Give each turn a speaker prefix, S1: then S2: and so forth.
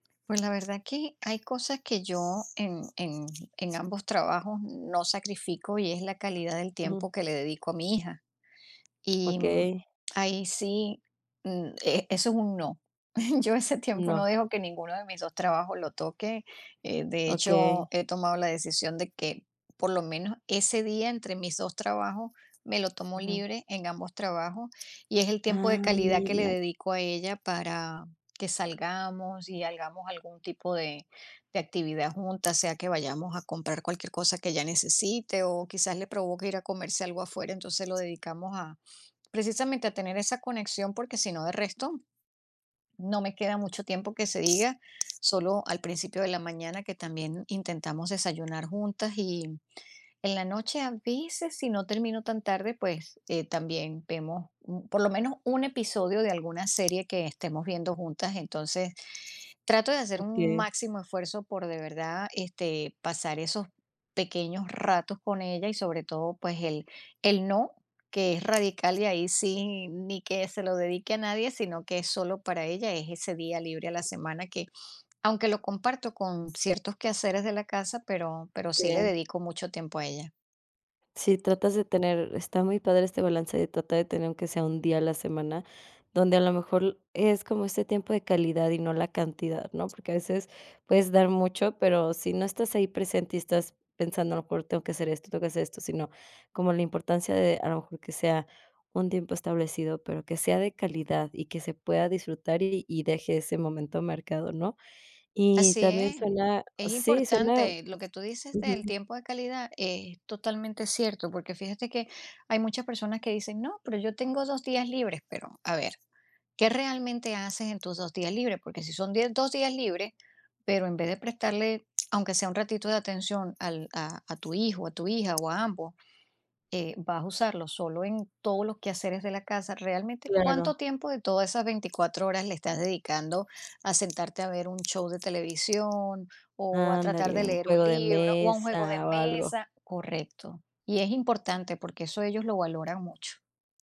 S1: Pues, la verdad que hay cosas que yo en en en ambos trabajos no sacrifico, y es la calidad del
S2: Ujú.
S1: tiempo que le dedico a mi hija. Y
S2: Okey.
S1: ahí sí, mm, e eso es un no. Yo ese tiempo no
S2: No.
S1: dejo que ninguno de mis 2 trabajos lo toque, eh, de hecho,
S2: Okey.
S1: he tomado la decisión de que, por lo menos, ese día entre mis 2 trabajos me lo tomo
S2: Ujú.
S1: libre en ambos trabajos. Y es el tiempo de
S2: Ah,
S1: calidad que le
S2: mira.
S1: dedico a ella para que salgamos y hagamos algún tipo de de actividad juntas, sea que vayamos a comprar cualquier cosa que ella necesite, o quizás, le provoque ir a comerse algo afuera. Entonces, lo dedicamos a precisamente a tener esa conexión, porque si no, de resto, no me queda mucho tiempo que se diga, solo al principio de la mañana que también intentamos desayunar juntas. Y en la noche a veces, si no termino tan tarde, pues, eh, también vemos por lo menos, un episodio de alguna serie que estemos viendo juntas. Entonces, trato de hacer un
S2: Okey.
S1: máximo esfuerzo por de verdad, este, pasar esos pequeños ratos con ella y sobre todo, pues, el el no que es radical y ahí sí ni que se lo dedique a nadie, sino, que es solo para ella, es ese día libre a la semana que, aunque lo comparto con ciertos quehaceres de la casa, pero pero sí le
S2: Okey.
S1: dedico mucho tiempo a ella.
S2: Si tratas de tener está muy padre este balance de tratar de tener aunque sea un día a la semana, donde a lo mejor es como este tiempo de calidad y no la cantidad, ¿no? Porque a veces puedes dar mucho, pero si no estás ahí presente y estás pensando, a lo mejor tengo que hacer esto, tengo que hacer esto, sino, como la importancia de, a lo mejor, que sea un tiempo establecido, pero que sea de calidad, y que se pueda disfrutar y deje ese momento mercado, ¿no? Y
S1: Así
S2: también suena,
S1: es,
S2: sí, suena
S1: importante, lo que tú dices del
S2: ujú.
S1: tiempo de calidad es totalmente cierto, porque fíjate que hay muchas personas que dicen: "No, pero yo tengo 2 días libres, pero a ver, ¿qué realmente haces en tus 2 días libres? Porque si son die 2 días libres, pero en vez de prestarle aunque sea un ratito de atención al a a tu hijo, a tu hija o a ambos, eh, vas a usarlo solo en todos los quehaceres de la casa, realmente, ¿cuánto
S2: Claro.
S1: tiempo de todas esas 24 horas le estás dedicando a sentarte a ver un show de televisión, o a tratar de
S2: Ándale, un
S1: leer un
S2: juego de
S1: libro, o a un juego de
S2: mesa o algo.
S1: mesa? Correcto. Y es importante porque eso ellos lo valoran mucho.